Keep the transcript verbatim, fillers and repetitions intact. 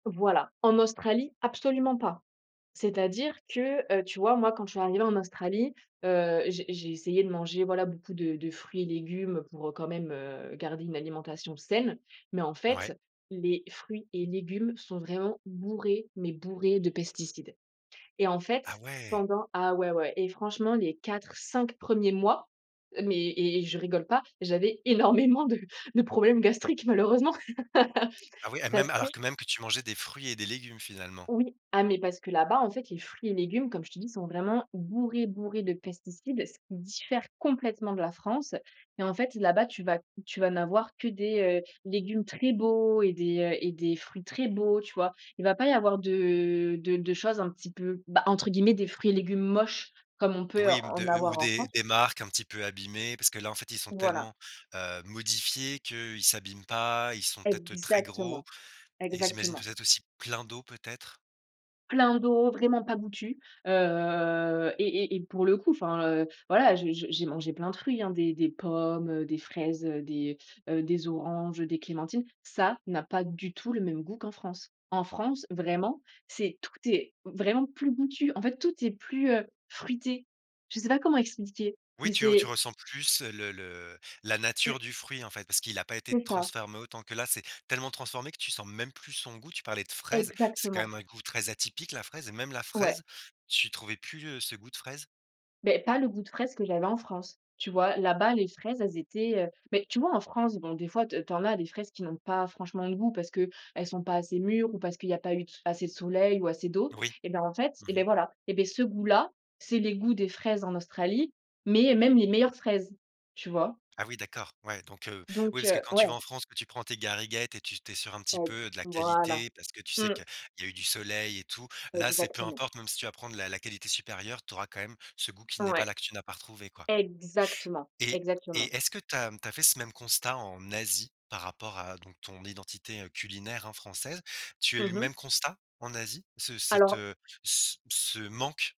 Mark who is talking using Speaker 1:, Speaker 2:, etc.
Speaker 1: Voilà. En Australie, absolument pas. C'est-à-dire que heu, tu vois, moi, quand je suis arrivée en Australie, heu, j'ai j'ai essayé de manger, voilà, beaucoup de de fruits et légumes pour, heu, quand même, heu, garder une alimentation saine. Mais, en
Speaker 2: Ouais.
Speaker 1: fait, les fruits et légumes sont vraiment bourrés, mais bourrés de pesticides. Et en
Speaker 2: Ah,
Speaker 1: fait,
Speaker 2: ouais!
Speaker 1: pendant ah, ouais, ouais et franchement les quatre-cinq premiers mois, heu, mais et je rigole pas! J'avais énormément de de problèmes gastriques malheureusement.
Speaker 2: Ah oui et
Speaker 1: Parce
Speaker 2: même,
Speaker 1: que
Speaker 2: alors que même que tu mangeais des fruits et des légumes, finalement.
Speaker 1: Oui. Ah, mais parce que là-bas, en fait, les fruits et légumes, comme je t'ai dit, ils sont vraiment bourrés, bourrés de pesticides. Ce qui diffère complètement de la France et en fait, là-bas, tu vas tu vas n'avoir que des, heu, légumes très beaux et des, heu et des fruits très beaux, tu vois? Il va pas y avoir de de de choses un petit peu, bah, entre guillemets, «des fruits et légumes moches», comme on peut
Speaker 2: Oui, m
Speaker 1: en
Speaker 2: de ou
Speaker 1: avoir en
Speaker 2: des
Speaker 1: France.
Speaker 2: des marques un petit peu abîmées parce que là, en fait, ils sont
Speaker 1: Voilà.
Speaker 2: tellement, heu, modifiés qu'ils s'abîment pas. Ils sont peut-être très gros
Speaker 1: Exactement,
Speaker 2: et j'imagine,
Speaker 1: exactement.
Speaker 2: peut-être aussi, plein d'eau, peut-être?
Speaker 1: Plein d'eau, vraiment pas goûtus, heu et et et pour le coup, enfin, heu, voilà, je j'ai j'ai mangé plein de fruits, hein, des des pommes, heu, des fraises, heu, des heu, des oranges, heu, des clémentines. Ça n'a pas du tout le même goût qu'en France! En France, vraiment, c'est tout est vraiment plus goûtu, en fait, tout est plus, heu, fruité. Je sais pas comment expliquer,
Speaker 2: Oui,
Speaker 1: mais
Speaker 2: tu tu
Speaker 1: c'est
Speaker 2: ressens plus le le la
Speaker 1: Lu
Speaker 2: nature du fruit, en fait, parce qu'il a pas été
Speaker 1: C'est ça.
Speaker 2: transformé autant. Que là, c'est tellement transformé que tu sens même plus son goût. Tu parlais de fraises, c'est quand
Speaker 1: Exactement.
Speaker 2: même un goût très atypique, la fraise et même la
Speaker 1: Ouais.
Speaker 2: fraise, tu trouvais plus, heu, ce goût de fraise?
Speaker 1: Mais pas le goût de fraise que j'avais en France. Tu vois, là-bas, les fraises, elles étaient, heu mais, tu vois, en France, bon, des fois te tu en as des fraises qui n'ont pas franchement de goût, parce qu'elles sont pas assez mûres ou parce qu'il y a pas eu assez de soleil ou assez d'eau.
Speaker 2: Oui.
Speaker 1: Et bah, en fait,
Speaker 2: Mmh
Speaker 1: et beh,
Speaker 2: mh.
Speaker 1: voilà! Et beh, ce goût là, c'est le goût des fraises en Australie, mais même les meilleures fraises, tu vois?
Speaker 2: Ah oui, d'accord! Ouais, donc heu, oui,
Speaker 1: Donc
Speaker 2: parce que
Speaker 1: heu,
Speaker 2: quand tu
Speaker 1: ouais.
Speaker 2: vas en France, que tu prends tes gariguettes et tu tu es sûr un petit
Speaker 1: Et.
Speaker 2: peu de la
Speaker 1: Voilà.
Speaker 2: qualité. Parce que tu sais
Speaker 1: Mmh.
Speaker 2: qu'il y a eu du soleil et tout. Là, c'est peu
Speaker 1: Exactement.
Speaker 2: importe, même si tu vas prendre la la qualité supérieure, tu auras quand même ce goût qui n'est pas là,
Speaker 1: Ouais,
Speaker 2: que tu n'as pas retrouvé, quoi.
Speaker 1: exactement,
Speaker 2: Et
Speaker 1: exactement!
Speaker 2: et est-ce que tu as, mmh, tu as fait ce même constat, en Asie, par rapport à donc ton identité, heu, culinaire, hein, française? Tu as eu
Speaker 1: Mmh
Speaker 2: le
Speaker 1: mh.
Speaker 2: même constat en Asie, ce cette
Speaker 1: Alors
Speaker 2: heu, ce ce manque?